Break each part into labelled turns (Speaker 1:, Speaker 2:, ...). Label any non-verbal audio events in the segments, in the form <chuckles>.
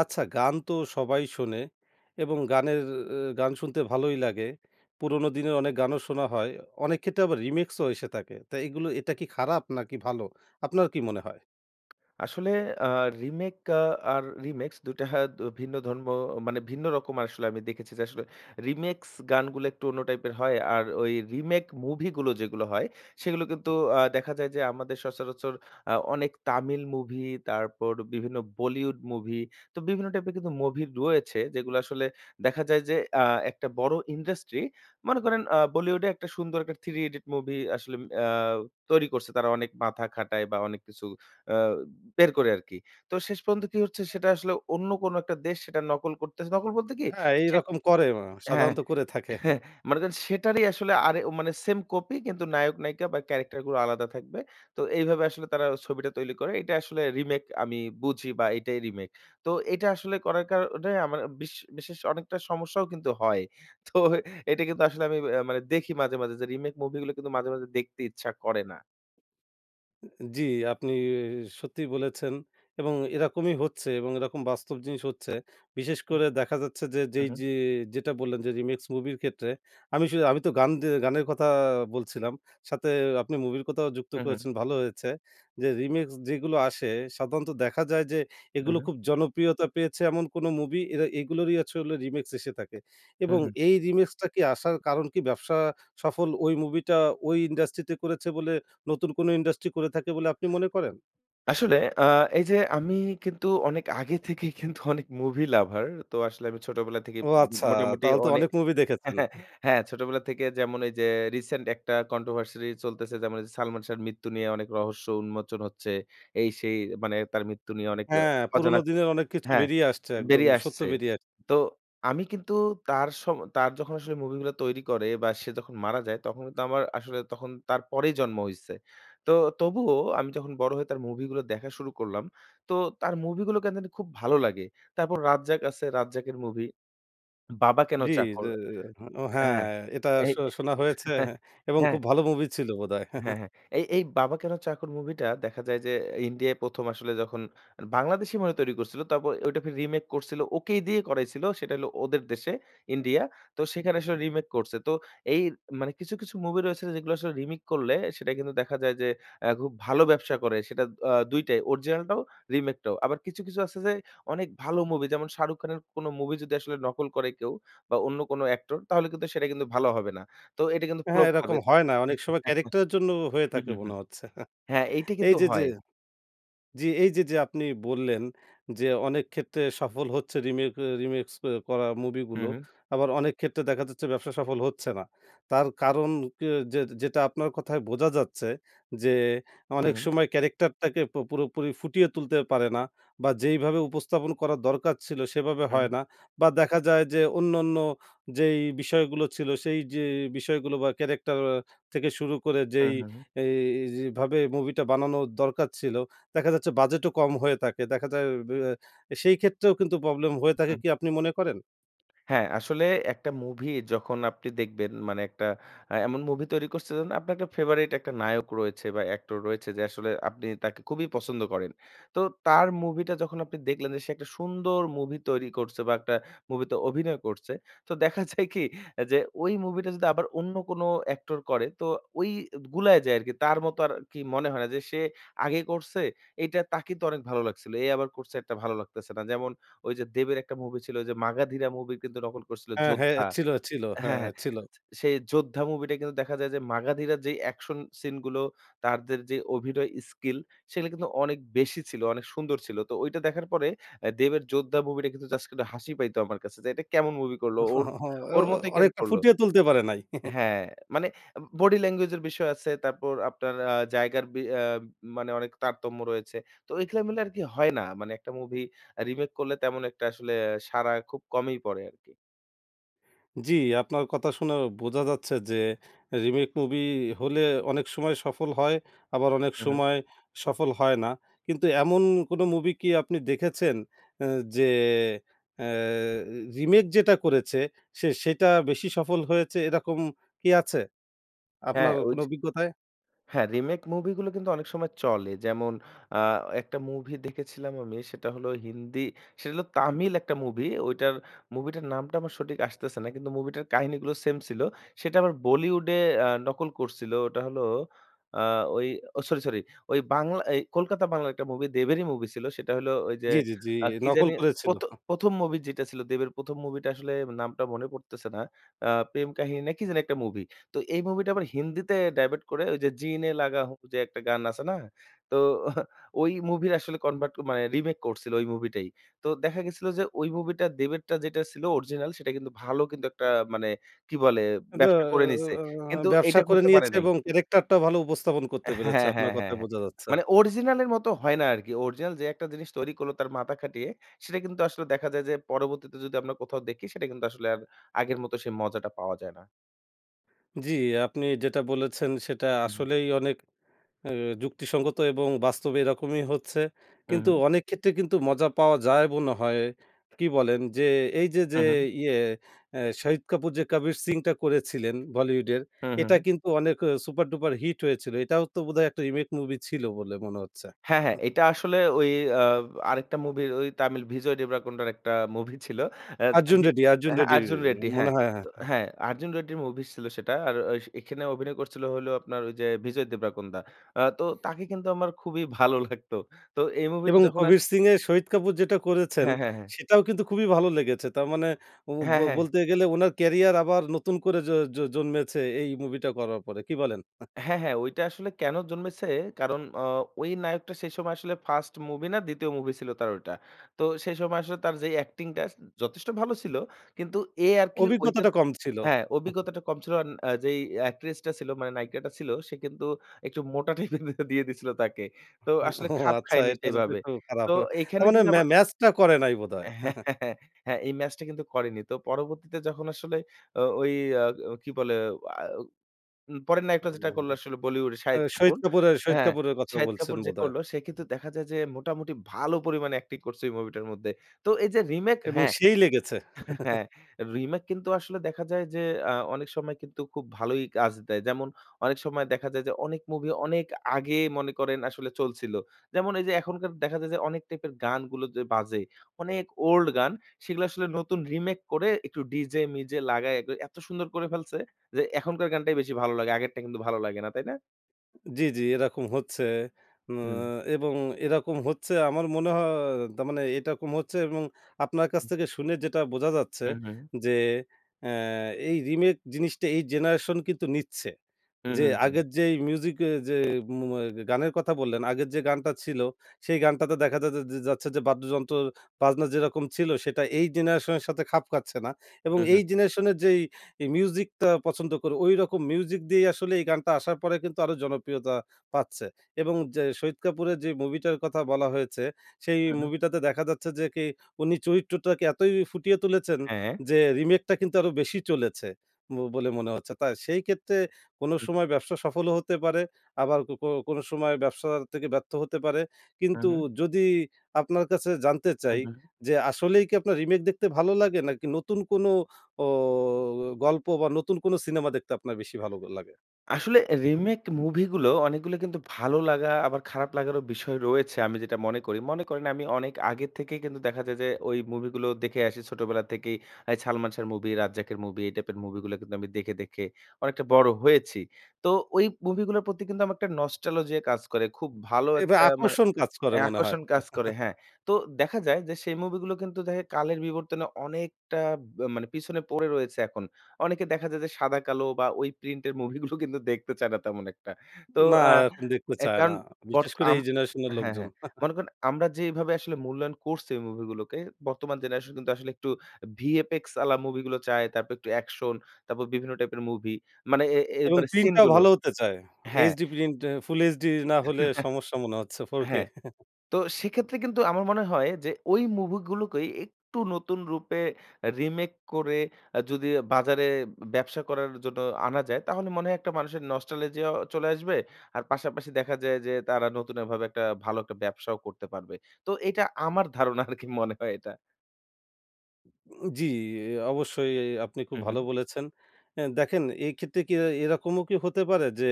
Speaker 1: আচ্ছা গান তো সবাই শোনে এবং গানের এ এ গান শুনতে ভালোই লাগে। পুরনো দিনে অনেক গানও শোনা হয়। অনেক ক্ষেত্রে আবার রিমিক্সও এসে থাকে। তা এগুলো এটা কি খারাপ নাকি ভালো? আপনার কি মনে হয়?
Speaker 2: আসলে আ রিমেক আ আর রিমিক্স <scoffs> ২ টা হা দ ভিন্ন ধর্ম মানে ভিন্ন রকম আসলে আমি দেখেছি যে, আসলে রিমিক্স গানগুলো একটু অন্য টাইপের হয়। আর ওই রিমেক মুভিগুলো যেগুলো হয়, সেইগুলো কিন্তু আ দেখা যায় যে, আমাদের সচরাচর আ অনেক তামিল মুভি, তারপর বিভিন্ন বলিউড মুভি, তো বিভিন্ন টাইপের কিন্তু মুভি রয়েছে। যেগুলো আসলে দেখা যায় যে আ একটা বড় ইন্ডাস্ট্রি। মনে করেন আ বলিউডে একটা সুন্দর একটা 'থ্রি ইডিয়েট' মুভি আসলে ম আ তৈরি করছে তারা অনেক মাথা খাটায় বা অনেক কিছু আ বের করে আরকি। তো শেষ পর্যন্ত কি হচ্ছে? সেটা আসলে অন্য কোন একটা দেশ সেটা নকল করতেছে নকল বলতে কি?
Speaker 1: হ্যাঁ
Speaker 2: সেট
Speaker 1: এইরকম করে মা
Speaker 2: হ্যাঁ
Speaker 1: সাধারণত করে <scoffs> থাকে।
Speaker 2: <chuckles> মনে করেন সেটারই আসলে আরে উম মানে সেম কপি কিন্তু নায়ক-নায়িকা বা, ক্যারেক্টারগুলো আলাদা থাকবে। তো এইভাবে আসলে তারা ছবিটা তৈরি করে। এইটা আসলে রিমেক আমি বুঝি বা, এইটাই রিমেক। তো এটা আসলে করার কারণে আমার বিশ বিশেষ অনেকটা সমস্যাও কিন্তু হয়। <scoffs> তো এইটা কিন্তু আসলে আমি আ মানে দেখি মাঝে, মাঝে যে, রিমেক মুভিগুলো কিন্তু মাঝে, মাঝে দেখতে ইচ্ছা করে না।
Speaker 1: উ উ জি আপনি সত্যিই বলেছেন। এবং এরকমই হচ্ছে এবং এরকম বাস্তব জিনিস হচ্ছে। বিশেষ
Speaker 2: হ্যা
Speaker 1: করে দেখা যাচ্ছে যে
Speaker 2: হুম,
Speaker 1: যেই
Speaker 2: হুম।
Speaker 1: যে যেটা বললেন যে, রিমিক্স মুভির ক্ষেত্রে আমি শু আমি তো গান দে গানের কথা বলছিলাম। সাথে আপনি মুভির কথাও যুক্ত
Speaker 2: হুম, হুম।
Speaker 1: করেছেন ভালো হয়েছে। যে রিমিক্স যেইগুলো আসে, সাধারণত দেখা যায় যে
Speaker 2: হুম,
Speaker 1: এগুলো
Speaker 2: হুম।
Speaker 1: খুব জনপ্রিয়তা পেয়েছে এমন কোনো মুভি, এরা এগুলোরই হচ্ছে হলো রিমিক্স এসে থাকে।
Speaker 2: হুম,
Speaker 1: এবং
Speaker 2: হুম।
Speaker 1: এই রিমিক্সটা কি আসার কারণ কি ব্যবসা সফল ওই মুভিটা ওই ইন্ডাস্ট্রিতে করেছে বলে নতুন কোনো ইন্ডাস্ট্রি করে থাকে বলে আপনি মনে করেন?
Speaker 2: আসলে আ এই যে আমি কিন্তু অনেক আগে থেকেই কিন্তু <scoffs> অনেক মুভি লাভার। তো আসলে আমি ছোটবেলা থেকেই
Speaker 1: ও
Speaker 2: উম
Speaker 1: আচ্ছা!
Speaker 2: উ মোটামুটি
Speaker 1: তাহলে তো
Speaker 2: অনে
Speaker 1: অনেক মুভি দেখেছেন? হা
Speaker 2: <chuckles> হ্যাঁ ছোটবেলা থেকে যেমন এই যে রিসেন্ট একটা controversy চলতেছে, যেমন ওই যে সালমান শাহর মৃত্যু নিয়ে অনেক রহস্য উন্মোচন হচ্ছে। এই-সেই মানে তার মৃত্যু নিয়ে অনেক অ
Speaker 1: হ্যাঁ
Speaker 2: অজানা
Speaker 1: পুরোনো
Speaker 2: ক
Speaker 1: দিনের অনেক কিছু
Speaker 2: হ্যাঁ
Speaker 1: বেরিয়ে আসছে, একদম
Speaker 2: বেরিয়ে
Speaker 1: সত্য
Speaker 2: আসছে।
Speaker 1: বেরিয়ে আ
Speaker 2: তো আমি কিন্তু তার সম তার যখন আসলে মুভিগুলা তৈরি করে বা সে যখন মারা যায় তখন কিন্তু আমার, আসলে তখন তার পরেই জন্ম হইছে। তো তবুও আমি যখন বড় হয়ে তার মুভিগুলো দেখা শুরু করলাম। তো তার মুভিগুলো কেন জানি খুব ভালো লাগে। তারপর রাজ্জাক আছে রাজ্জাকের মুভি। 'বাবা কেন
Speaker 1: জি। জ্যা
Speaker 2: চাকর'
Speaker 1: আ ও হ্যাঁ,
Speaker 2: হ্যাঁ
Speaker 1: এটা
Speaker 2: এই
Speaker 1: আসলে
Speaker 2: এ
Speaker 1: শোনা হয়েছে হ্যাঁ
Speaker 2: <chuckles>
Speaker 1: এবং
Speaker 2: হ্যাঁ
Speaker 1: খুব ভালো মুভি ছিল বোধহয়।
Speaker 2: হ্যাঁ,
Speaker 1: <chuckles>
Speaker 2: হ্যাঁ। এই এই 'বাবা কেন চাকর' মুভিটা দেখা যায় যে ইন্ডিয়ায় ১ম আসলে যখন বাংলাদেশই মনে হয় তৈরি করছিল। তারপরে ঐটাকে রিমেক করছিল। ওকেই দিয়ে করাইছিল, সেটা হলো ওদের দেশে, ইন্ডিয়া। তো সেখানে আসলে রিমেক করছে। তো এইর মানে কিছু, কিছু মুভি রয়েছে যেগুলা আসলে রিমেক করলে সেটা কিন্তু দেখা যায় যে অ্যা খুব ভালো ব্যবসা করে। সেটা আ ২ টাই। অরিজিনালটাও, রিমেকটাও। আবার কিছু, কিছু আছে যে অনেক ভালো মুভি। যেমন শাহরুখ খানের কোন মুভি যদি আসলে নকল করে কেউ বা অন্য কোন অ্যাক্টর তাহলে কিন্তু সেটা কিন্তু ভালো হবে না। তো এটা কিন্তু
Speaker 1: হ্যাঁ
Speaker 2: ফ্লপ
Speaker 1: এরকম
Speaker 2: খাবে তো
Speaker 1: হয় না। অনেক সময়
Speaker 2: <chuckles>
Speaker 1: ক্যারেক্টারের জন্যও হয়ে
Speaker 2: হু,
Speaker 1: থাকে
Speaker 2: হু, হু।
Speaker 1: মনে হচ্ছে। <chuckles>
Speaker 2: হ্যাঁ এইটা
Speaker 1: এই
Speaker 2: কিন্তু
Speaker 1: যে, যে
Speaker 2: হয়।
Speaker 1: জি এই যে, যে আপনি বললেন যে অনেক ক্ষেত্রে সফল হচ্ছে রিমেক এ রিমিক্স অ্যা করা মুভি
Speaker 2: হু,
Speaker 1: গুলো।
Speaker 2: হু।
Speaker 1: আবার অনেক ক্ষেত্রে দেখা যাচ্ছে ব্যবসা সফল হচ্ছে না। তার কারণ কি যে যেটা আপনার কথায় বোঝা যাচ্ছে, যে
Speaker 2: হু,
Speaker 1: অনেক
Speaker 2: হু।
Speaker 1: সময় ক্যারেক্টারটাকে পু পুরোপুরি ফুটিয়ে তুলতে পারে না বা যেইভাবে উপস্থাপন করার দরকার ছিল সেভাবে
Speaker 2: হু, হু।
Speaker 1: হয় না। বা দেখা যায় যে অন্যান্য যেই বিষয়গুলো ছিল সেই যে বিষয়গুলো বা ক্যারেক্টার আ থেকে শুরু করে
Speaker 2: হু,
Speaker 1: যেই,
Speaker 2: হু, হু।
Speaker 1: এইজ ভাবে মুভিটা বানানোর দরকার ছিল, দেখা যাচ্ছে বাজেটও কম হয়ে থাকে। দেখা যায় বেয়া এ সেই ক্ষেত্রেও কিন্তু প্রবলেম হয়ে থাকে
Speaker 2: হু।
Speaker 1: কি আপনি মনে করেন?
Speaker 2: হ্যাঁ, আসলে একটা মুভি যখন আপনি দেখবেন মানে একটা অ্যা এমন মুভি তৈরি করছে যেন আপনার একটা ফেভারিট একটা নায়ক রয়েছে বা অ্যাক্টর রয়েছে যে আসলে আপনি তাকে খুবই পছন্দ করেন। তো তার মুভিটা যখন আপনি দেখলেন যে সে একটা সুন্দর মুভি তৈরি করছে, বা একটা মুভিতে অভিনয় করছে। <scoffs> তো দেখা যায় কি অ্যা যে ওই মুভিটা যদি আবার অন্য কোন অ্যাক্টর করে তো ওই এদ গুলায় যায় আরকি। তার মতো আর কি মনে হয় না যে, "সে আগে করছে, এইটা তাকেই তো অনেক ভালো লাগছিল, এ আবার করছে এরটা ভালো লাগতেছে না।" যেমন ওই যে দেবের একটা মুভি ছিল ওই যে 'মাগাধীরা' মুভি কিন্তু নকল করছিল
Speaker 1: হ্যাঁ, হে
Speaker 2: 'যোদ্ধা'
Speaker 1: ছিল, ছিল হ্যাঁ
Speaker 2: হ্যাঁ, হ্যাঁ।
Speaker 1: ছিল।
Speaker 2: আছ সেই 'যোদ্ধা' মুভিটা কিন্তু দেখা যায় যে, 'মাগাধীরা' র যেই অ্যাকশন সিন গুলো, তারদের যে অভিনয় স্কিল, সেগুলা কিন্তু অনেক বেশি ছিল, অনেক সুন্দর ছিল। তো ঐটা দেখার পরে অ্যা দেবের 'যোদ্ধা' মুভিটা কিন্তু জাস্ট কিন্তু হাসি পাইতো আমার কাছে যে, "এটা কেমন মুভি করলো? ওর
Speaker 1: <chuckles> ও ও
Speaker 2: ওর মতই কেন
Speaker 1: অনেকটা
Speaker 2: করল?"
Speaker 1: ফুটিয়ে তুলতে পারে নাই। <chuckles>
Speaker 2: হ্যাঁ মানে এম বডি ল্যাঙ্গুয়েজ এর বিষয় আছে। তারপর আপনার আ জায়গার বি অ্যাম মানে অনেক তারতম্য রয়েছে। তো ঐখা মিলে আরকি হয় না। মানে একটা মুভি অ্যা রিমেক করলে তেমন একটা আসলে অ্যা সাড়া খুব কমই পড়ে আরকি।
Speaker 1: জি, আপনার কথা শুনে বোঝা যাচ্ছে যে রিমেক মুভি হলে অনেক সময় সফল হয় আবার অনেক
Speaker 2: মহুম।
Speaker 1: সময় সফল হয় না। কিন্তু এমন কোনো মুভি কি আপনি দেখেছেন? অ্যা যে অ্যা রিমেক যেটা করেছে সে সেটা বেশি সফল হয়েছে এইরকম কি আছে
Speaker 2: হ্যাঁ,
Speaker 1: আপনার কোনো
Speaker 2: ওইযে
Speaker 1: অভিজ্ঞতায়?
Speaker 2: হ্যাঁ, রিমেক মুভিগুলো কিন্তু অনেক সময় চলে। যেমন আ একটা মুভি দেখেছিলাম আমি। সেটা হলো হিন্দি, সেটা হলো তামিল একটা মুভি। ওইটার মুভিটার নামটা আমার সঠিক আসতেছে না। কিন্তু মুভিটার কাহিনীগুলো সেইম ছিল। সেটা আবার বলিউডে আ নকল করছিলো। ওটা হলো আ ওই ও সরি! সরি! ওই বাংলা এই কলকাতা বাংলার একটা মুভি, দেবেরই মুভি ছিল। সেইটা হলো ওইযে
Speaker 1: জি, জি, জি।
Speaker 2: আ কি
Speaker 1: নকল
Speaker 2: জানি?
Speaker 1: করেছিলো।
Speaker 2: প্রথ
Speaker 1: হ্যাঁ।
Speaker 2: প্রথম মুভি যেটা ছিল। দেবের ১ম মুভিটা আসলে নামটা মনে পড়তেছে না। আ প্রেম কাহিনী না কি জানি একটা মুভি। তো এই মুভিটা আবার হিন্দিতে ডাইভার্ট করে ওইযে জি নে লাগাহু যে একটা গান আছে না? তো <scoffs> ওই মুভির আসলে ডাইভার্ট মানে রিমেক করছিল ওই মুভিটাই। তো দেখা গেছিলো যে ওই মুভিটা দেবেরটা যেটা ছিল অরিজিনাল সেটা কিন্তু ভালো, কিন্তু একটা মানে কি বলে?
Speaker 1: দা
Speaker 2: ব্যবসা করে নিছে। কিন্তু
Speaker 1: ব্যবসা
Speaker 2: এইটা
Speaker 1: করে
Speaker 2: করতে পারে
Speaker 1: নিয়েছে
Speaker 2: নাই।
Speaker 1: এবং ক্যারেক্টারটাও ভালো উপস্থাপন করতে পেরেছে।
Speaker 2: হ্যাঁ,
Speaker 1: আপনার
Speaker 2: হ্যাঁ, হ্যাঁ,
Speaker 1: কথায়
Speaker 2: হ্যাঁ।
Speaker 1: বোঝা যাচ্ছে।
Speaker 2: মানে অরজিনাল এর মতো হয় না আরকি। অরজিনাল যে একটা জিনিস তৈরি করলো তার মাথা খাটিয়ে সেইটা কিন্তু আসলে দেখা যায় যে পরবর্তীতে যদি আমরা কোথাও দেখি, সেইটা কিন্তু আসলে আর আগের মতো সেই মজাটা পাওয়া যায় না।
Speaker 1: জি আপনি যেটা বলেছেন সেটা
Speaker 2: উহুম।
Speaker 1: আসলেই অনেক আ যুক্তিসঙ্গত এবং বাস্তবে এরকমই হচ্ছে।
Speaker 2: হ্যাঁ,
Speaker 1: কিন্তু
Speaker 2: হ্যাঁ।
Speaker 1: অনেক ক্ষেত্রে কিন্তু মজা পাওয়া যায় মনে হয়, কী বলেন? যে এইযে যে
Speaker 2: হ্যাঁ, হ্যাঁ।
Speaker 1: ইয়ে আ শাহিদ কাপুর যে 'কাবির সিং' টা করেছিলেন বলিউডের
Speaker 2: হ্যাঁ, হ্যাঁ,
Speaker 1: এটা
Speaker 2: হ্যাঁ।
Speaker 1: কিন্তু অনেক অ সুপার-ডুপার হিট হয়েছিল। এটাও তো বোধহয় একটা রিমেক মুভি ছিল বলে মনে হচ্ছে।
Speaker 2: হ্যাঁ, হ্যাঁ।
Speaker 1: আ
Speaker 2: এটা আসলে ওই আ আরেকটা মুভির ওই তামিল ভিজয় দেবরাকোন্ডার একটা মুভি ছিল। অ্যাজ
Speaker 1: 'আর্জুন
Speaker 2: আভি
Speaker 1: রেড্ডি', 'আর্জুন
Speaker 2: অ্যা হ্যাঁ
Speaker 1: রেড্ডি'
Speaker 2: 'আর্জুন রেড্ডি'
Speaker 1: মনে
Speaker 2: হ্যাঁ।
Speaker 1: হয় হ্যাঁ,
Speaker 2: তো
Speaker 1: হ্যাঁ।
Speaker 2: হ্যাঁ 'আর্জুন রেড্ডি' র মুভি ছিল সেটা। আর ঐস এখানে অভিনয় করছিলো হলো আপনার ওইযে ভিজয় দেবরাকোন্দা। আ তো তাকে কিন্তু আমার খুবই <scoffs> ভালো লাগতো। তো এই মুভি টা
Speaker 1: এবং
Speaker 2: যখন আস
Speaker 1: 'কবীর সিং' এ শহিদ কাপুর যেটা করেছেন
Speaker 2: হ্যাঁ, হ্যাঁ, হ্যাঁ।
Speaker 1: সেটাও কিন্তু খুবই ভালো লেগেছে। তার মানে ও ব
Speaker 2: হ্যাঁ, হ্যাঁ।
Speaker 1: বলতে গেলে উনার ক্যারিয়ার আবার নতুন করে জ জ জন্মেছে এই মুভিটা করার পরে। কি বলেন? আ
Speaker 2: হ্যাঁ, হ্যাঁ। ঐটা আসলে কেনো জন্মেছে, কারণ অ ওই নায়কটা সেই সময় আসলে ফাস্ট মুভি না ২য় মুভি ছিল তার ঐটা। তো সেই সময় আসলে তার যেই acting টাছ উম যথেষ্ট ভালো ছিল। কিন্তু এ আরকি ঐটা
Speaker 1: অভিজ্ঞতাটা কম ছিল।
Speaker 2: হ্যাঁ,
Speaker 1: <chuckles>
Speaker 2: অভিজ্ঞতাটা কম ছিল আন আ যেই অ্যাকট্রেসটা ছিল মানে নায়িকাটা ছিল সে কিন্তু একটু মোটা <scoffs> টাইপের দিয়ে দিছিলো তাকে। তো
Speaker 1: হা
Speaker 2: আসলে
Speaker 1: ওহ!
Speaker 2: খাপ
Speaker 1: আচ্ছা
Speaker 2: খায়নি
Speaker 1: এটা যদিও
Speaker 2: সেভাবে।
Speaker 1: একটু
Speaker 2: তো
Speaker 1: খারাপ।
Speaker 2: এইখানে
Speaker 1: তারমানে
Speaker 2: যদি
Speaker 1: ম্যা
Speaker 2: আবার
Speaker 1: ম্যাচটা করে নাই বোধহয়। <chuckles>
Speaker 2: <chuckles> হ্যাঁ, এই ম্যাচটা কিন্তু করেনি। তো পরবর্তীতে যখন আসলে ও ঐ আ ও কি বলে আও উম পরের নায়কটা যেটা
Speaker 1: অন্যান্য।
Speaker 2: করলো আসলে বলিউডের
Speaker 1: এ্যা
Speaker 2: শাহিদ কাপুর।
Speaker 1: শহিদ কাপুরের শহিদ
Speaker 2: হ্যাঁ,
Speaker 1: কাপুরের কথা
Speaker 2: শাহিদ
Speaker 1: বলছেন
Speaker 2: কাপুর যে
Speaker 1: বোধহয়।
Speaker 2: করলো সে কিন্তু দেখা যায় যে মোটামুটি ভালো পরিমাণে acting করছে ওই মুভিটার মধ্যে। তো এই যে রিমেক
Speaker 1: এবং
Speaker 2: হ্যাঁ।
Speaker 1: সেই লেগেছে।
Speaker 2: <chuckles>
Speaker 1: <chuckles>
Speaker 2: হ্যাঁ, রিমেক কিন্তু আসলে দেখা যায় যে আ অনেক সময় কিন্তু খুব ভালোই কাজ দেয়। যেমন অনেক সময় দেখা যায় যে, অনেক মুভি অনেক আগে মনে করেন আসলে চলছিলো। যেমন এইযে এখনকার দেখা যায় যে অনেক টাইপের গানগুলো যে বাজে, অনেক old গান, সেগুলো আসলে নতুন রিমেক করে একটু ডিজে-মিজে লাগায়ে ক এত সুন্দর করে ফেলছে যে এখনকার গানটাই বেশি ভালো লাগে। আগেরটা কিন্তু ভালো লাগে না। তাই না?
Speaker 1: জি, জি। এরকম হচ্ছে। উ
Speaker 2: হুম।
Speaker 1: এবং এরকম হচ্ছে আমার মনে হ তার মানে এটা কম হচ্ছে এবং আপনার কাছ
Speaker 2: হুম।
Speaker 1: থেকে শুনে যেটা বোঝা যাচ্ছে
Speaker 2: হু, হু।
Speaker 1: যে অ্যা এই রিমেক জিনিসটা এই জেনারেশন কিন্তু নিচ্ছে।
Speaker 2: হু,
Speaker 1: যে
Speaker 2: হু, হু।
Speaker 1: আগের যেই মিউজিক এ যে মু অ্যা গানের কথা বললেন আগের যে গানটা ছিলো সেই গানটাতে দেখা যা যাচ্ছে যে, বাদ্যযন্ত্র বাজনা যেরকম ছিল সেটা এই জেনারেশনের সাথে খাপ খাচ্ছে না। এবং
Speaker 2: হু, হু।
Speaker 1: এই জেনারেশনের যেই মিউজিকটা পছন্দ করে ঐরকম মিউজিক দিয়েই আসলে এই গানটা আসার পরে কিন্তু আরও জনপ্রিয়তা পাচ্ছে। এবং জা শহীদ কাপুরের যে মুভিটার কথা বলা হয়েছে সেই
Speaker 2: হ্যাঁ, হ্যাঁ।
Speaker 1: মুভিটাতে দেখা যাচ্ছে যে, কি উনি চরিত্রটাকে এতই ফুটিয়ে তুলেছেন
Speaker 2: হ্যাঁ।
Speaker 1: যে রিমেকটা কিন্তু আরো বেশি চলেছে ব বলে মনে হচ্ছে। তা সেই ক্ষেত্রে কোনো
Speaker 2: হু।
Speaker 1: সময় ব্যবসা সফলও হতে পারে আবার কো কোনো সময় ব্যবসা থেকে ব্যর্থ হতে পারে।
Speaker 2: হুম,
Speaker 1: কিন্তু
Speaker 2: হুম।
Speaker 1: যদি আপনার কাছে জানতে
Speaker 2: হু,
Speaker 1: চাই
Speaker 2: হু।
Speaker 1: যে আসলেই কি আপনার রিমেক দেখতে ভালো লাগে? নাকি নতুন কোনো ও গল্প বা নতুন কোনো সিনেমা দেখতে আপনার বেশি ভালো লাগে?
Speaker 2: আসলে রিমেক মুভি গুলো অনেক গুলো কিন্তু ভালো লাগা আবার খারাপ লাগার বিষয় রয়েছে। আমি যেটা মনে করি। মনে করেন আমি অনেক আগে থেকেই কিন্তু দেখা যায় যে ওই মুভি গুলো দেখে আসি ছোটবেলা থেকেই। এই সালমান শাহ্‌র মুভি, রাজ্জাকের মুভি এই টাইপের মুভি গুলা কিন্তু আমি দেখে, দেখে অনেকটা বড় হয়েছি। তো ওই মুভি গুলার প্রতি কিন্তু আমার একটা নস্টালজিয়া কাজ করে। খুব ভালো
Speaker 1: এবা
Speaker 2: একটা মানে
Speaker 1: আকর্ষণ কাজ করে
Speaker 2: অ্যা
Speaker 1: মনে হয়।
Speaker 2: আকর্ষণ কাজ করে
Speaker 1: <laughs>
Speaker 2: হ্যাঁ। তো দেখা যায় যে, সেই মুভিগুলো কিন্তু দেখে কালের বিবর্তনে অনেকটা ব মানে পিছনে পড়ে রয়েছে এখন। অনেকে দেখা যায় যে, সাদা কালো বা ওই প্রিন্টের মুভি গুলো কিন্তু দেখতে চায় না তেমন একটা। তো
Speaker 1: না
Speaker 2: আ
Speaker 1: এরকম দেখতে
Speaker 2: অ্যা
Speaker 1: চায় না।
Speaker 2: কারণ
Speaker 1: বিশেষ
Speaker 2: বর্ত
Speaker 1: করে
Speaker 2: আম
Speaker 1: এই জেনারেশনের
Speaker 2: হ্যাঁ,
Speaker 1: লোকজন।
Speaker 2: হ্যাঁ।
Speaker 1: <scoffs>
Speaker 2: মনে করেন আমরা যেইভাবে আসলে মূল্যায়ন করছি ওই মুভিগুলোকে বর্তমান জেনারেশন কিন্তু আসলে একটু VFX আলা মুভি গুলো চায়। তারপর একটু অ্যাকশন তারপর বিভিন্ন টাইপের মুভি। মানে এ এ
Speaker 1: এবং
Speaker 2: এবারে
Speaker 1: প্রিন্ট
Speaker 2: সিন
Speaker 1: টাও
Speaker 2: গুলো
Speaker 1: ভালো হতে চায়।
Speaker 2: হ্যাঁ।
Speaker 1: HD Print Full HD না হলে
Speaker 2: <laughs>
Speaker 1: সমস্যা মনে হচ্ছে 4K।
Speaker 2: হ্যাঁ,
Speaker 1: <scoffs>
Speaker 2: তো সেক্ষেত্রে কিন্তু আমার মনে হয় যে ওই মুভি গুলোকেই একটু নতুন রূপে রিমেক করে এ যদি বাজারে ব্যবসা করার জন্য আনা যায়। তাহলে মনে হয় একটা মানুষের নস্টালজিয়াও চলে আসবে। আর পাশাপাশি দেখা যায় যে, তারা নতুনভাবে একটা ভালো একটা ব্যবসাও করতে পারবে। তো এটা আমার ধারণা আর কি মনে হয় এটা?
Speaker 1: উ জি, ই অবশ্যই। ই আপনি খুব
Speaker 2: উহুম।
Speaker 1: ভালো বলেছেন। অ্যা দেখেন এইক্ষেত্রে কি এই এইরকমও কি হতে পারে? যে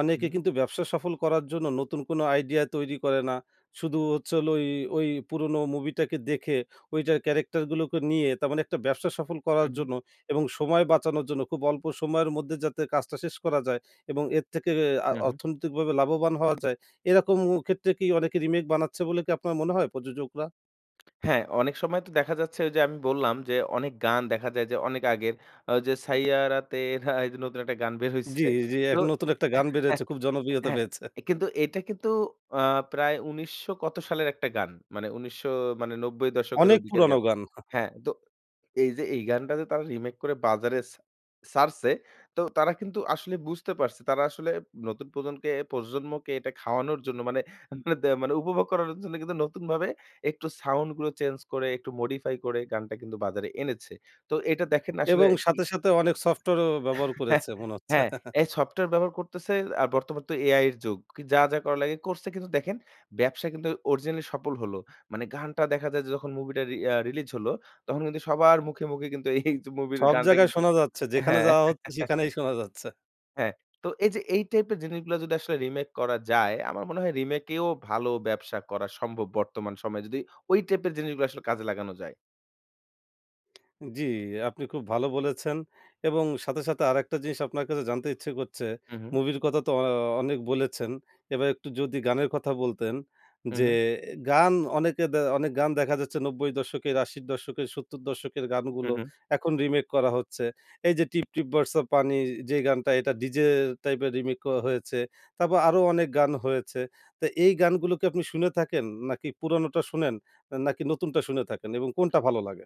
Speaker 1: অনেকে
Speaker 2: হুম।
Speaker 1: কিন্তু ব্যবসা সফল করার জন্য নতুন কোন আইডিয়া তৈরি করে না। শুধু হচ্ছে হলো ওই ওই পুরোনো মুভিটাকে দেখে, ওইটা ক্যারেক্টারগুলোকে নিয়ে, তার মানে একটা ব্যবসা সফল করার
Speaker 2: হুম।
Speaker 1: জন্য এবং সময় বাঁচানোর জন্য খুব অল্প সময়ের মধ্যে যাতে কাজটা শেষ করা যায় এবং এর থেকে এ আ
Speaker 2: উহুম।
Speaker 1: অর্থনৈতিকভাবে লাভবান হওয়া যায়, এইরকম উ ক্ষেত্রে কি অনেকে রিমেক বানাচ্ছে বলে কি আপনার মনে হয় প্রযোজকরা?
Speaker 2: হ্যাঁ, অনেক সময় তো দেখা যাচ্ছে, ওইযে আমি বললাম যে অনেক গান দেখা যায় যে অনেক আগের আ যে "সাইয়ারা তেরা" এইযে নতুন একটা গান বের হইছে।
Speaker 1: জি, জি। এক নতুন একটা গান বেরিয়েছে।
Speaker 2: <laughs>
Speaker 1: খুব জনপ্রিয়তা
Speaker 2: হ্যাঁ,
Speaker 1: পেয়েছে।
Speaker 2: কিন্তু এটা কিন্তু আ প্রায় ১৯০০ কত সালের একটা গান। মানে ১৯০০ মানে ৯০ দশকের,
Speaker 1: অনেক
Speaker 2: ওইদিকের
Speaker 1: পুরানো
Speaker 2: গান।
Speaker 1: গান। <chuckles>
Speaker 2: হ্যাঁ? তো এইযে এই গানটা যে তারা রিমেক করে বাজারে ছা ছাড়ছে, তো তারা কিন্তু আসলে বুঝতে পারছে। তারা আসলে নতুন প্রজনকে প্রজন্মকে এটা খাওয়ানোর জন্য মানে দে মানে উপভোগ করানোর জন্য কিন্তু নতুনভাবে একটু সাউন্ডগুলো চেঞ্জ করে, একটু modify করে গানটা কিন্তু বাজারে এনেছে। তো এইটা দেখেন আসলে
Speaker 1: এবং
Speaker 2: কি
Speaker 1: সাথে, সাথে অনেক সফটওয়্যারও
Speaker 2: উ
Speaker 1: ব্যবহার করেছে,
Speaker 2: <chuckles>
Speaker 1: মনে হচ্ছে।
Speaker 2: হ্যাঁ,
Speaker 1: <chuckles>
Speaker 2: এই সফটওয়্যার ব্যবহার করতেছে আর বর্তমান তো AI এর যুগ। কি যা, যা করা লাগে, করছে। কিন্তু দেখেন, ব্যবসা কিন্তু অরিজিনালি সফল হলো। মানে গানটা দেখা যায় যে যখন মুভিটা রি আ রিলিজ হলো, তখন কিন্তু সবার মুখে, মুখে কিন্তু এইযে মুভির
Speaker 1: সব
Speaker 2: গানটা
Speaker 1: জায়গায়
Speaker 2: কিন্তু
Speaker 1: শোনা যাচ্ছে। যেখানে
Speaker 2: হ্যাঁ।
Speaker 1: যাওয়া হচ্ছে,
Speaker 2: <chuckles>
Speaker 1: সেখানেই শোনা যাচ্ছে।
Speaker 2: হ্যাঁ। তো এইযে এই টাইপের জিনিসগুলা যদি আসলে রিমেক করা যায়, আমার মনে হয় রিমেকেও ভালো ব্যবসা করা সম্ভব বর্তমান সময়ে। যদি ওই টাইপের জিনিসগুলো আসলে কাজে লাগানো যায়।
Speaker 1: অ্যা জি আপনি খুব ভালো বলেছেন। এবং সাথে, সাথে আরেকটা জিনিস আপনার কাছে জানতে ইচ্ছে করছে।
Speaker 2: হুম, হুম।
Speaker 1: মুভির কথা তো অ অনেক বলেছেন। এবার একটু যদি গানের কথা বলতেন।
Speaker 2: হুম,
Speaker 1: যে
Speaker 2: হুম।
Speaker 1: এ গান অনেকে দে অনে গান দেখা যাচ্ছে ৯০-এর দশক এর ৮০-র দশক এর, ৭০-এর দশক এর গানগুলো
Speaker 2: হুম, হুম।
Speaker 1: এখন রিমেক করা হচ্ছে। এইযে 'টিপটিপ বরছা পানি' যেই গানটা, এটা ডিজে টাইপের রিমেকও হয়েছে। তারপর আরো অনেক গান হয়েছে। তা এই গানগুলো কি আপনি শুনে থাকেন? নাকি পুরানোটা শুনেন? আ নাকি নতুনটা শুনে থাকেন এবং কোনটা ভালো লাগে?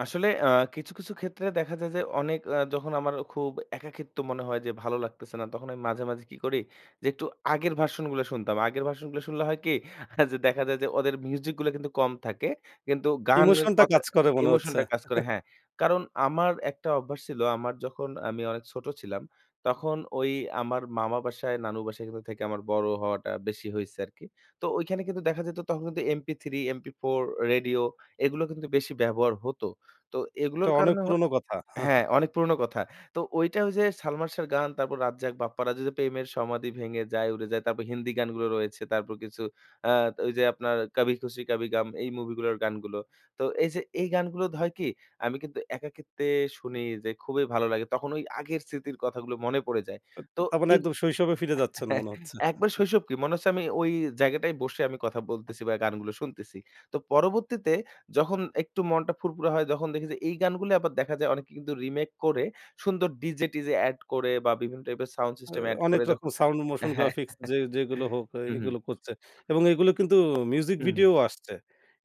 Speaker 2: আসলে আ কিছু, কিছু ক্ষেত্রে দেখা যায় যে, অনেক অ্যা যখন আমারও খুব একাকিত্ব মনে হয়, যে ভালো লাগতেছে না। তখন আমি মাঝে, মাঝে কি করি? যে একটু আগের ভার্সন গুলা শুনতাম। আগের ভার্সন গুলা শুনলে হয় কি? <scoffs> আ যে দেখা যায় যে, ওদের মিউজিকগুলো কিন্তু কম থাকে। কিন্তু গানের
Speaker 1: ইমোশনটা
Speaker 2: কথা
Speaker 1: কাজ করে মনে হচ্ছে।
Speaker 2: ইমোশনটা কাজ করে
Speaker 1: <chuckles>
Speaker 2: হ্যাঁ। কারণ, আমার একটা অভ্যাস ছিলো, আমার যখন আমি অনেক ছোট ছিলাম। তখন ঐ আমার মামা বাসায়, নানু বাসায় কিন্তু থেকে আমার বড় হওয়াটা বেশি হইছে আরকি। তো ঐখানে কিন্তু দেখা যেত তখন কিন্তু MP3, MP4, রেডিও এগুলো কিন্তু বেশি ব্যবহার হতো। তো
Speaker 1: টা
Speaker 2: এগুলোর
Speaker 1: অনেক
Speaker 2: কারণে হ
Speaker 1: পুরোনো কথা।
Speaker 2: হ্যাঁ,
Speaker 1: <chuckles>
Speaker 2: অনেক পুরনো কথা। তো ঐটা ঐযে, সালমান শাহর গান, তারপর রাজ্জাক, বাপ্পারাজের যে 'প্রেমের সমাধি ভেঙে যায়, উড়ে যায়।' তারপর হিন্দি গানগুলো রয়েছে। তারপর কিছু আত ওইযে আপনার 'কাভি খুশি কাভি গাম' এই মুভিগুলোর গানগুলো। তো এইযে এই গানগুলো দ হয় কি? আমি কিন্তু একাকিত্বে শুনেই যাই, খুবই ভালো লাগে। তখন ওই আগের স্মৃতির কথাগুলো মনে পড়ে যায়।
Speaker 1: আব
Speaker 2: তো
Speaker 1: তার মানে
Speaker 2: এই
Speaker 1: একদম শৈশবে ফিরে যাচ্ছেন মনে
Speaker 2: <chuckles>
Speaker 1: হচ্ছে।
Speaker 2: একবার
Speaker 1: <chuckles>
Speaker 2: শৈশব কী মনে হচ্ছে, আমি ওই জায়গাটায় বসে আমি কথা বলতেছি বা, গানগুলো শুনতেছি। তো পরবর্তীতে যখন একটু মনটা ফুরফুরা হয়, তখন দেখি যে এই গানগুলোই আবার দেখা যায় অনেকে কিন্তু রিমেক করে, সুন্দর ডিজে-টিজে এড করে বা, বিভিন্ন টাইপের সাউন্ড
Speaker 1: আ
Speaker 2: সিস্টেম এড
Speaker 1: অনেক
Speaker 2: করে
Speaker 1: রকম
Speaker 2: যখন
Speaker 1: সাউন্ড,
Speaker 2: অ্যা হ্যাঁ
Speaker 1: motion-graphics যে যেগুলো
Speaker 2: <chuckles>
Speaker 1: হোক, আ
Speaker 2: হুম, হুম।
Speaker 1: এগুলো করছে এবং এগুলো কিন্তু মিউজিক
Speaker 2: হুম, হুম।
Speaker 1: ভিডিও আসছে।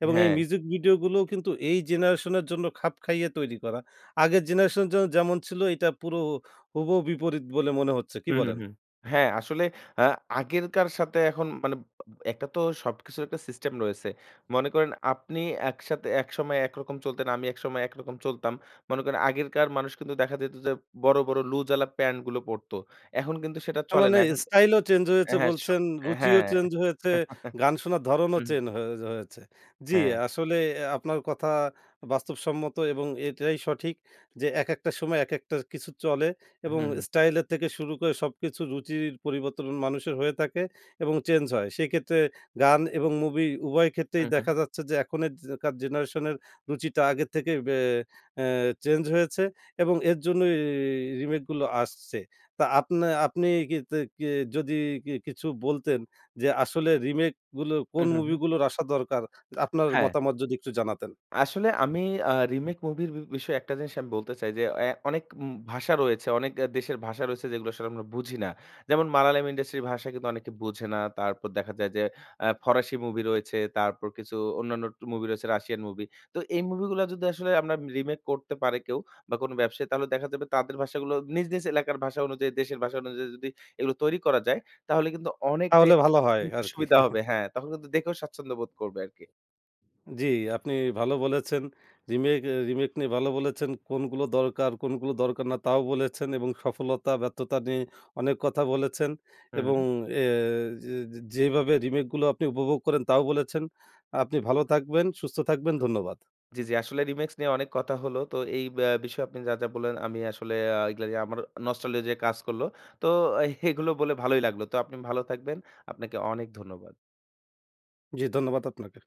Speaker 1: এবং এই
Speaker 2: হ্যাঁ।
Speaker 1: মিউজিক ভিডিও গুলোও কিন্তু এই জেনারেশনের জন্য খাপ খাইয়ে তৈরি করা। আগের জেনারেশনের জন্য যেমন ছিলো, এইটা পুরো ও হুবহু বিপরীত বলে মনে হচ্ছে। কি
Speaker 2: হুম, হুম,
Speaker 1: বলেন?
Speaker 2: হুম। হ্যাঁ আসলে আ আগেরকার সাথে এখন বানে আব একটা তো সবকিছুর একটা সিস্টেম রয়েছে। মনে করেন আপনি একসাথে একসময় একরকম চলতেন, আমি একসময় একরকম চলতাম। মনে করেন আগেরকার মানুষ কিন্তু দেখা যেত যে বড়, বড় লুজ-ওয়ালা প্যান্টগুলো পরতো। এখন কিন্তু সেটা
Speaker 1: তার
Speaker 2: চলে
Speaker 1: মানে
Speaker 2: না। এখন
Speaker 1: স্টাইলও চেঞ্জ
Speaker 2: এ
Speaker 1: হয়েছে
Speaker 2: হ্যাঁ স
Speaker 1: বলছেন, রুচিও
Speaker 2: হ্যাঁ
Speaker 1: চেঞ্জ হয়েছে,
Speaker 2: <chuckles>
Speaker 1: গান শোনার ধরনও
Speaker 2: উ-হুম।
Speaker 1: চেন হোজ হয়েছে। জি।
Speaker 2: হ্যাঁ।
Speaker 1: আসলে আপনার কথা বাস্তবসম্মত এবং এটাই সঠিক, যে একেকটা সময় একেকটা কিছু চলে এবং
Speaker 2: হুম, হুম।
Speaker 1: স্টাইলের থেকে শুরু করে, সবকিছু রুচির পরিবর্তন মানুষের হয়ে থাকে এবং চেঞ্জ হয়। সেইক্ষেত্রে গান এবং মুভি উভয় ক্ষেত্রেই
Speaker 2: হুম, হুম।
Speaker 1: দেখা যাচ্ছে যে, এখনের যে কার জেনারেশনের রুচিটা আগে থেকে, বে অ্যা চেঞ্জ হয়েছে এবং এর জন্যই রিমেকগুলো আসছে। তা আপনে আপনি কিতে কি যদি কি কিছু বলতেন, যে আসলে রিমেকগুলো কোন
Speaker 2: হুম, হুম, হুম।
Speaker 1: মুভিগুলোর আসা দরকার? আপনার
Speaker 2: হ্যাঁ।
Speaker 1: মতামত যদি একটু জানাতেন।
Speaker 2: আসলে আমি আ রিমেক মুভির বি বিষয়ে একটা জিনিস আমি বলতে চাই যে অ্যা অনেক উম ভাষা রয়েছে, অনেক অ্যা দেশের ভাষা রয়েছে, যেগুলো আসলে আমরা বুঝি না। যেমন মালয়ালম ইন্ডাস্ট্রির ভাষা কিন্তু অনেকে বুঝে না। তারপর দেখা যায়, যে অ্যা ফরাসি মুভি রয়েছে, তারপর কিছু অন্যান্য টু মুভি রয়েছে, রাশিয়ান মুভি। তো এই মুভিগুলা, যদি আসলে আমরা রিমেক করতে পারে কেউ বা, কোনো ব্যবসায়ী, তাহলে দেখা যাবে তাদের ভাষাগুলো নিজ, নিজ এলাকার ভাষা অনুযায়ী, দেশের ভাষা অনুযায়ী যদি এগুলো তৈরি করা যায়, তাহলে কিন্তু অনেকটাই
Speaker 1: তাহলে ভালো হয়
Speaker 2: উ
Speaker 1: আরকি।
Speaker 2: সুবিধা
Speaker 1: <chuckles>
Speaker 2: হবে, হ্যাঁ? তাহলে কিন্তু দেখেও স্বাচ্ছন্দ্য বোধ করবে আরকি।
Speaker 1: জি আপনি ভালো বলেছেন। রিমেক এ রিমেক নিয়ে ভালো বলেছেন। কোনগুলো দরকার, কোনগুলো দরকার না, তাও বলেছেন এবং সফলতা, ব্যর্থতা নিয়ে অনেক কথা বলেছেন। এবং
Speaker 2: উম-হুম।
Speaker 1: এ যে যে যেভাবে রিমেকগুলো আপনি উপভোগ করেন, তাও বলেছেন। আপনি ভালো থাকবেন, সুস্থ থাকবেন। ধন্যবাদ।
Speaker 2: জি, জি আসলে রিমিক্স নিয়ে অনেক কথা হলো। তো এই ব্যা বিষয়ে আপনি যা, যা বললেন আমি আসলে আ এইগুলা নিয়ে আমারও নস্টালজিয়া কাজ করলো। তো আই <scoffs> এগুলো বলে ভালোই লাগলো। তো আপনি ভালো থাকবেন। আপনাকে অনেক ধন্যবাদ।
Speaker 1: জি ধন্যবাদ আপনাকে।